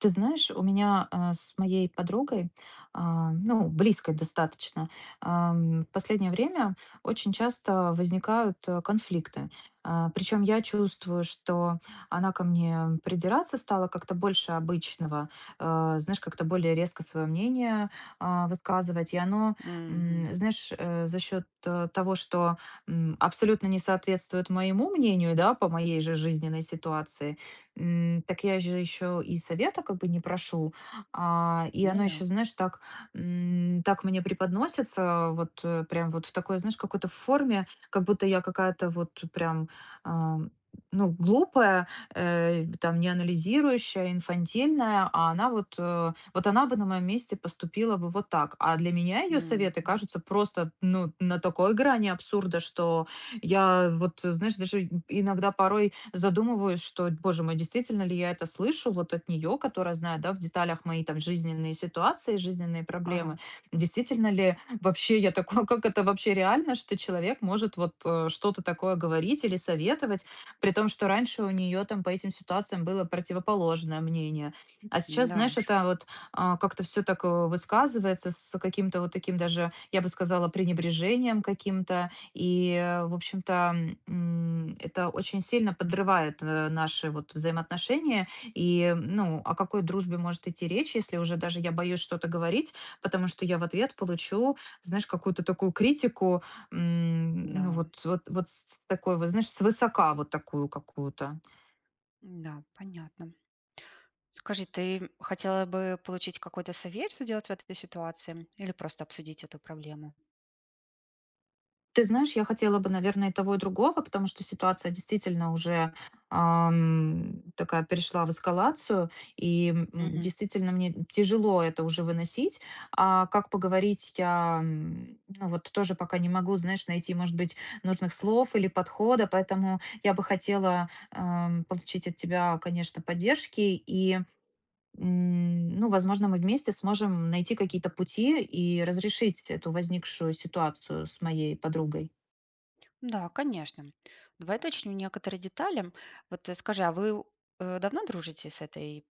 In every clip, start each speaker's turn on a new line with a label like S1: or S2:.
S1: Ты знаешь, у меня, а, с моей подругой, а, ну, близкой достаточно, ам, в последнее время очень часто возникают, э, конфликты. А, причём я чувствую, что она ко мне придираться стала как-то больше обычного, а, знаешь, как-то более резко своё мнение, а, высказывать. И оно, м,
S2: Мгм.
S1: знаешь, э, за счёт того, что, м, абсолютно не соответствует моему мнению, да, по моей же жизненной ситуации,- м, так я же ещё и совета как бы не прошу. А, и
S2: Ну
S1: оно
S2: да.
S1: ещё, знаешь, так, м, так мне преподносится, вот прям вот в такой, знаешь, какой-то форме, как будто я какая-то вот прям, а, ну, глупая, э, там не анализирующая, инфантильная, а она вот, э, вот она бы на моем месте поступила бы вот так. А для меня её советы
S2: Мгм.
S1: кажутся просто, ну, на такой грани абсурда, что я вот, знаешь, даже и иногда порой задумываюсь, что д Боже мой, действительно ли я это слышу вот от неё, которая знает, да, в деталях мои там жизненные ситуации, жизненные
S2: Ага.
S1: проблемы? Действительно ли вообще я такой как это вообще реально, что человек может вот, э, что-то такое говорить или советовать, при том, что раньше у нее там по этим ситуациям было противоположное мнение? А, сейчас,
S2: М-да
S1: знаешь,
S2: уж.
S1: это вот, а, как-то всё так, э, высказывается с каким-то вот таким даже, я бы сказала, пренебрежением каким-то, и в общем-то, м, это очень сильно подрывает, э, наши вот взаимоотношения. И, м Ну о какой дружбе может идти речь, если уже даже я боюсь что-то говорить, потому что я в ответ получу, знаешь, какую-то такую критику, м, ну
S2: Да.
S1: вот вот вот с с такого вот, знаешь, свысока вот такую какую-то.
S2: М-да, понятно. Скажи, ты хотела бы получить какой-то совет, что делать в этой ситуации? Или просто обсудить эту проблему?
S1: Ты знаешь, я хотела бы, наверно, и того и другого, потому что ситуация действительно уже, ам, такая перешла в эскалацию. И, м м,
S2: Mгм.
S1: действительно мне тяжело это уже выносить. А как поговорить, я, м, ну вот тоже пока не могу, знаешь, найти, может быть, нужных слов или подхода. Поэтому я бы хотела, эм, получить от тебя, конечно, поддержки. И, м, ну, возможно, мы вместе сможем найти какие-то пути и разрешить эту возникшую ситуацию с моей подругой.
S2: Да, конечно. Давай уточню некоторые детали. Вот скажи, а вы, э, давно дружите с этой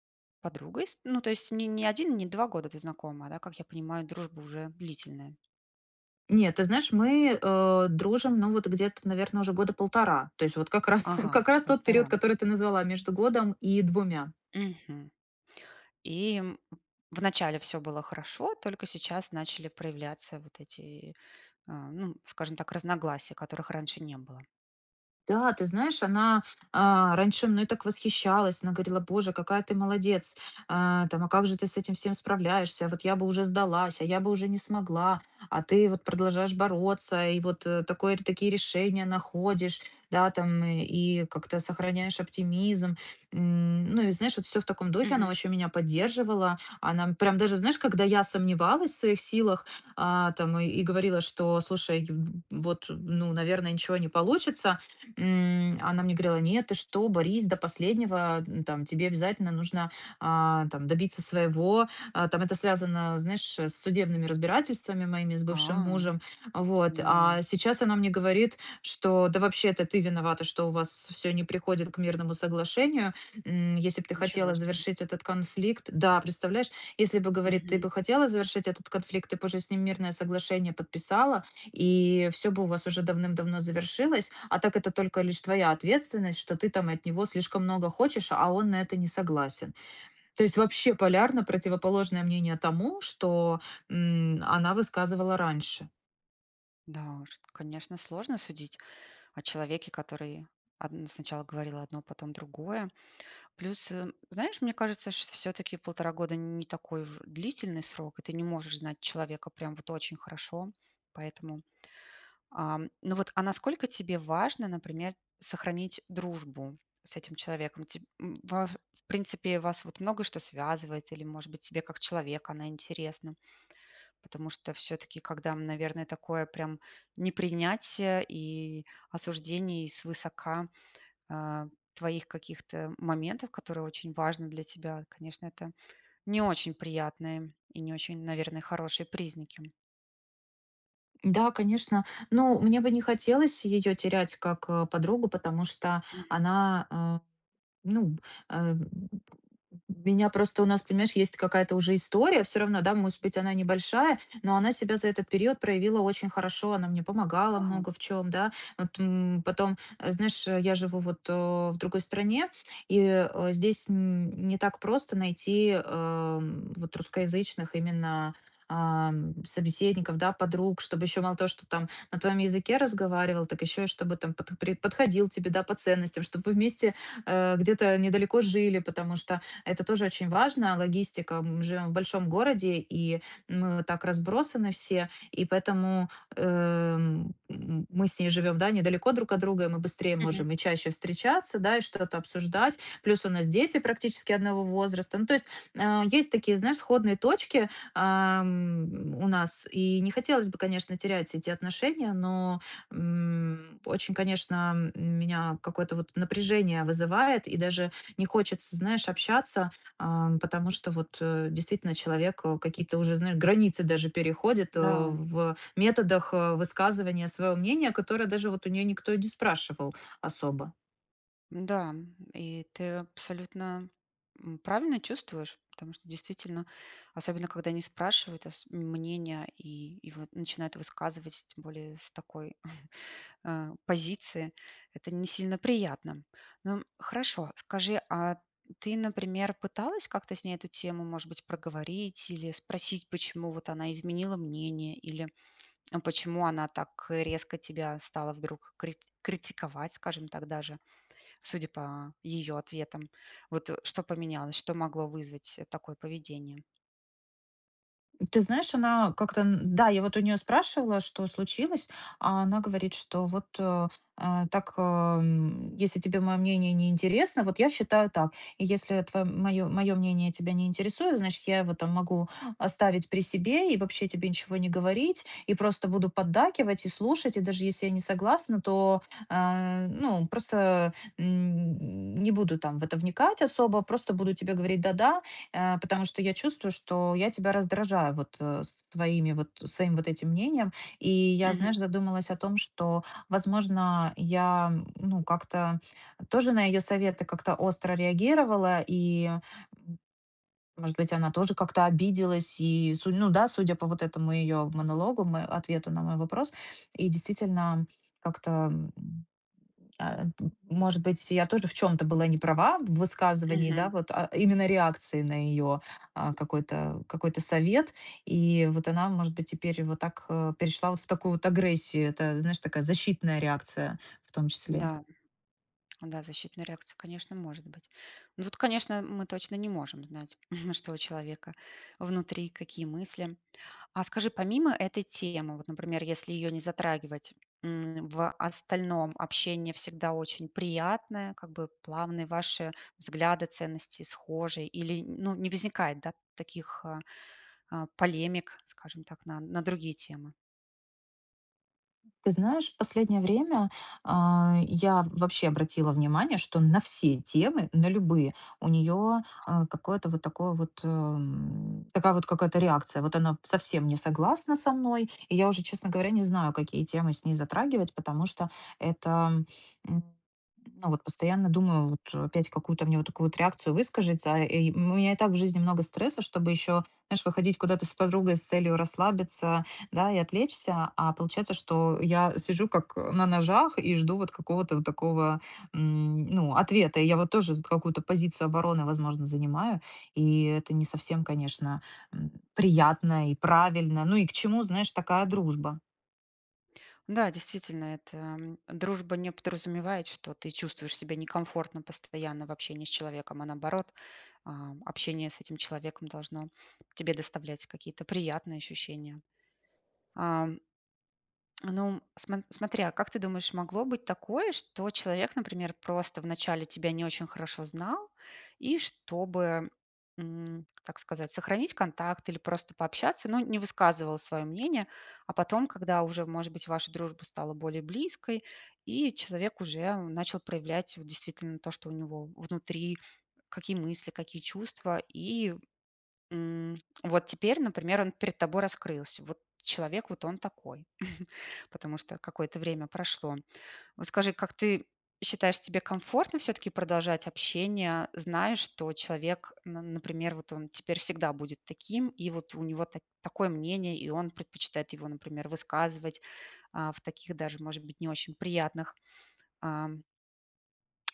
S2: подругой? С ну, то есть не не 1, не 2 года ты знакома, да, как я понимаю, дружба уже длительная?
S1: Нет, ты знаешь, мы, э, дружим, ну, вот где-то, наверно, уже года 1,5. То есть вот как раз
S2: Ага,
S1: как раз тот период,
S2: 1,5.
S1: который ты назвала: между годом и 2.
S2: Мгм. И в начале всё было хорошо, только сейчас начали проявляться вот эти, э, ну, скажем так, разногласия, которых раньше не было.
S1: Да, ты знаешь, она, э, раньше мной так восхищалась. Она говорила: "Боже, какая ты молодец! Э, там, а как же ты с этим всем справляешься? Вот я бы уже сдалась, а я бы уже не смогла, а ты вот продолжаешь бороться, и вот такой такие решения находишь, да, там и как-то сохраняешь оптимизм". M, ну, и знаешь, вот всё в таком духе, она
S2: Мгм.
S1: очень меня поддерживала. Она прям даже, знаешь, когда я сомневалась в своих силах, э, там и говорила, что, слушай, ю ю вот, ну, наверное, ничего не получится, м, она мне говорила: "Нет, ты что, борись до последнего! Ну, там тебе обязательно нужно, а, там добиться своего". А, там это связано, знаешь, с судебными разбирательствами моими с бывшим
S2: А!
S1: мужем. Вот,
S2: Да.
S1: а сейчас она мне говорит, что- да вообще, это ты виновата, что у вас всё не приходит к мирному соглашению. М, если б ты
S2: Ничего
S1: хотела
S2: себе.
S1: завершить этот конфликт да, представляешь, если бы, говорит, ты
S2: Мгм.
S1: бы хотела завершить этот конфликт, ты б уже с ним мирное соглашение подписала. И всё бы у вас уже давным-давно завершилось, а так это только лишь твоя ответственность, что ты там от него слишком много хочешь, а он на это не согласен. То есть вообще полярно противоположное мнение тому, что, м, она высказывала раньше.
S2: Да уж, т конечно, сложно судить о человеке, который одн сначала говорил одно, потом другое. Плюс, э, знаешь, мне кажется, что всё-таки 1,5 года- не такой уж длительный срок, и ты не можешь знать человека прям вот очень хорошо. Поэтому, ам, ну вот а насколько тебе важно, например, сохранить дружбу с этим человеком? Теб м, ваф в принципе, вас вот много что связывает или, может быть, тебе как человек она интересна? Потому что всё-таки, когда, м, наверное, такое прям непринятие, и осуждение, и свысока, а, твоих каких-то моментов, которые очень важны для тебя,- конечно, это не очень приятные и не очень, наверное, хорошие признаки.
S1: Да, конечно. Ну, мне бы не хотелось ее терять, как, э, подругу, потому что
S2: Мгм.
S1: она, а Ну б а, м меня просто у нас, понимаешь, есть какая-то уже история всё равно, да, может быть, она небольшая, но она себя за этот период проявила очень хорошо, она мне помогала
S2: Ага.
S1: много в чём, да. Вот, м, потом, а, знаешь, э, я живу вот, э, в другой стране, и, э, здесь, м, не так просто найти, а, м, вот русскоязычных именно, а, м, собеседников, да, подруг. Чтобы еще мало того, что там на твоем языке разговаривал, так еще и чтобы там под пре подходил тебе, да, по ценностям, чтобы вы вместе, а, где-то недалеко жили. Потому что это тоже очень важно- логистика, мы живем в большом городе, и мы так разбросаны все, и поэтому, э, м, м, мы с ней живем, да, недалеко друг от друга, и мы быстрее
S2: Мгм.
S1: можем и чаще встречаться, да, и что-то обсуждать. Плюс у нас дети практически одного возраста. Ну то есть, а, есть такие, знаешь, сходные точки, а, м, у нас, и не хотелось бы, конечно, терять эти отношения, но, м, очень, конечно, м меня какое-то вот напряжение вызывает, и даже не хочется, знаешь, общаться, а, м, потому что вот, э, действительно человек, э, какие-то уже, знаешь, границы даже переходит, э,
S2: Да.
S1: в методах, э, высказывания своего мнения, которое даже вот у нее никто и не спрашивал особо.
S2: М-да, м, и ты абсолютно, м, правильно чувствуешь. Потому что, действительно, особенно когда не спрашивают ос мнения и и вот начинают высказывать, тем более с такой, э, позиции. Это не сильно приятно. Ну, хорошо. Скажи, а ты, например, пыталась как-то с ней эту тему, может быть, проговорить или спросить, почему вот она изменила мнение? Или, э, почему она так, э, резко тебя стала вдруг крит критиковать, скажем так, даже, судя по ее ответам. Вот, э, что поменялось, что могло вызвать, э, такое поведение?
S1: Ты знаешь, она как-то, н-да, я вот у нее спрашивала, что случилось. А она говорит, что вот, э, а, так, э, м: "Если тебе мое мнение не интересно, вот я считаю так. И если твоё, м, мое мое мнение тебя не интересует, значит, я его там могу оставить при себе и вообще тебе ничего не говорить. И просто буду поддакивать и слушать, и даже если я не согласна, то, э, ну просто, м, не буду там в это вникать особо. Просто буду тебе говорить 'да-да'. Э, потому что я чувствую, что я тебя раздражаю вот, э, с твоими вот своим вот этим мнением". И я,
S2: Мгм.
S1: знаешь, задумалась о том, что, возможно, я, ну, как-то тоже на ее советы как-то остро реагировала. И, м, может быть, она тоже как-то обиделась. И, судя ну да, судя по вот этому ее монологу, м, э, ответу на мой вопрос, и действительно как-то, м м, э, т может быть, я тоже в чём-то была не права в высказывании. Да,
S2: Мгм.
S1: вот, а именно реакции на ее, а, какой-то какой-то совет. И вот она, может быть, теперь вот так, э, перешла вот в такую вот агрессию. Это, знаешь, такая защитная реакция в том числе.
S2: Да, да защитная реакция, конечно, может быть. Ну вот, конечно, м мы точно не можем знать, что у человека внутри, какие мысли. А, скажи, помимо этой темы, вот, например, если ее не затрагивать, м, в остальном общение всегда очень приятное, как бы плавные, ваши взгляды, ценности схожие? Или н ну, не возникает, да таких, а, а, полемик, скажем так, на на другие темы?
S1: Ты знаешь, в последнее время, а, я вообще обратила внимание, что на все темы, на любые у нее,
S2: Ага.
S1: э, какое-то вот такое вот, э, м, такая вот какая-то реакция. Вот она совсем не согласна со мной. И я уже, честно говоря, не знаю, какие темы с ней затрагивать. Потому что это, м, ну вот постоянно думаю вот: опять какую-то мне вот такую вот реакцию выскажется. И, м, у меня и так в жизни много стресса, чтобы еще, знаешь, выходить куда-то с подругой с целью расслабиться, да, и отвлечься. А получается, что я сижу как на ножах и жду вот какого-то вот такого, м, ну, ответа. И я вот тоже т какую-то позицию обороны, возможно, занимаю, и это не совсем, конечно, м, приятно и правильно! Ну и к чему, знаешь, такая дружба?
S2: Да, действительно это м, дружба не подразумевает, что ты чувствуешь себя некомфортно постоянно в общении с человеком, а наоборот, ам, общение с этим человеком должно тебе доставлять какие-то приятные ощущения. Ам. Ну сма смотри, а, как ты думаешь, могло быть такое, что человек, например, просто вначале тебя не очень хорошо знал и чтобы, м, так сказать, сохранить контакт или просто пообщаться, ну, не высказывал свое мнение, а потом, когда уже, может быть, ваша дружба стала более близкой, и человек уже начал проявлять вот действительно то, что у него внутри,- какие мысли, какие чувства? И, м, вот теперь, например, он перед тобой раскрылся. Вот человек- вот он такой, потому что какое-то время прошло. Вот скажи, как ты считаешь, тебе комфортно всё-таки продолжать общение, зная, что человек, н на например, вот он теперь всегда будет таким, и вот у него та такое мнение, и он предпочитает его, например, высказывать, а, в таких даже, может быть, не очень приятных, а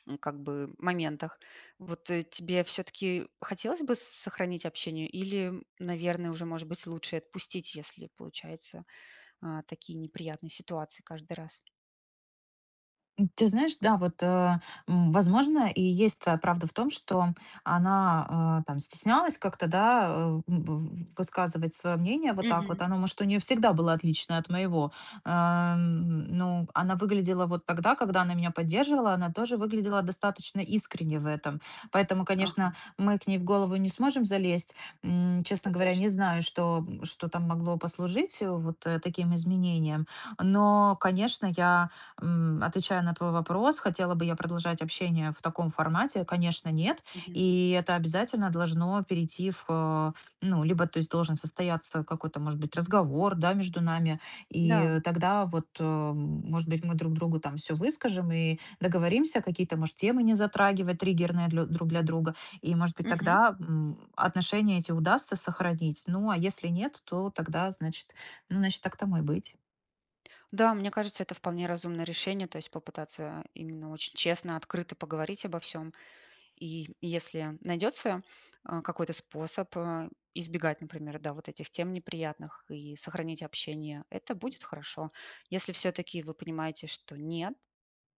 S2: ну как бы моментах. Вот тебе всё-таки хотелось бы сохранить общение, или, наверное, уже, может быть, лучше отпустить, если получаются, а, такие, неприятные ситуации каждый раз?
S1: М, ты знаешь, да, вот, э, м, возможно, и есть твоя правда в том, что она, э, там стеснялась как-то, да, э, м, в высказывать свое мнение вот так
S2: Мгм.
S1: вот. Оно, может, у нее всегда было отлично от моего. А, м, ну, она выглядела вот тогда, когда она меня поддерживала, она тоже выглядела достаточно искренне в этом. Поэтому,
S2: Ага.
S1: конечно, мы к ней в голову не сможем залезть. М, честно
S2: Это
S1: говоря, не
S2: точно.
S1: знаю, что, м, что там могло послужить, э, вот, э, таким изменениям. Но, конечно, я, м, отвечая на твой вопрос- хотела бы я продолжать общение в таком формате,- конечно, нет.
S2: Мгм.
S1: И это обязательно должно перейти в, э, ну, либо то есть должен состояться какой-то, может быть, разговор, да, между нами, и,
S2: Да.
S1: э, тогда вот, э, м, может быть, мы друг другу там всё выскажем и договоримся какие-то, может, темы не затрагивать триггерные длё друг для друга, и, может быть,
S2: Мгм.
S1: тогда, м, отношения эти удастся сохранить. Ну а если нет, то тогда, значит, ну значит, так тому и быть.
S2: Да, мне кажется, это вполне разумное решение- то есть попытаться именно очень честно, открыто поговорить обо всём. И если найдется, а, какой-то способ, а, избегать, например, да, вот этих тем неприятных и сохранить общение,- это будет хорошо. Если всё-таки вы понимаете, что нет,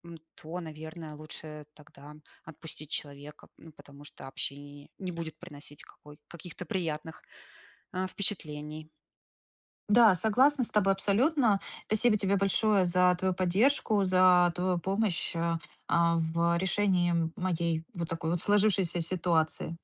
S2: м, то, наверное, лучше тогда отпустить человека, ну, потому что общение не будет приносить какой каких-то приятных, а, впечатлений.
S1: Да, согласна с тобой абсолютно. Спасибо тебе большое за твою поддержку, за твою помощь, а а, в решении моей вот такой вот сложившейся ситуации.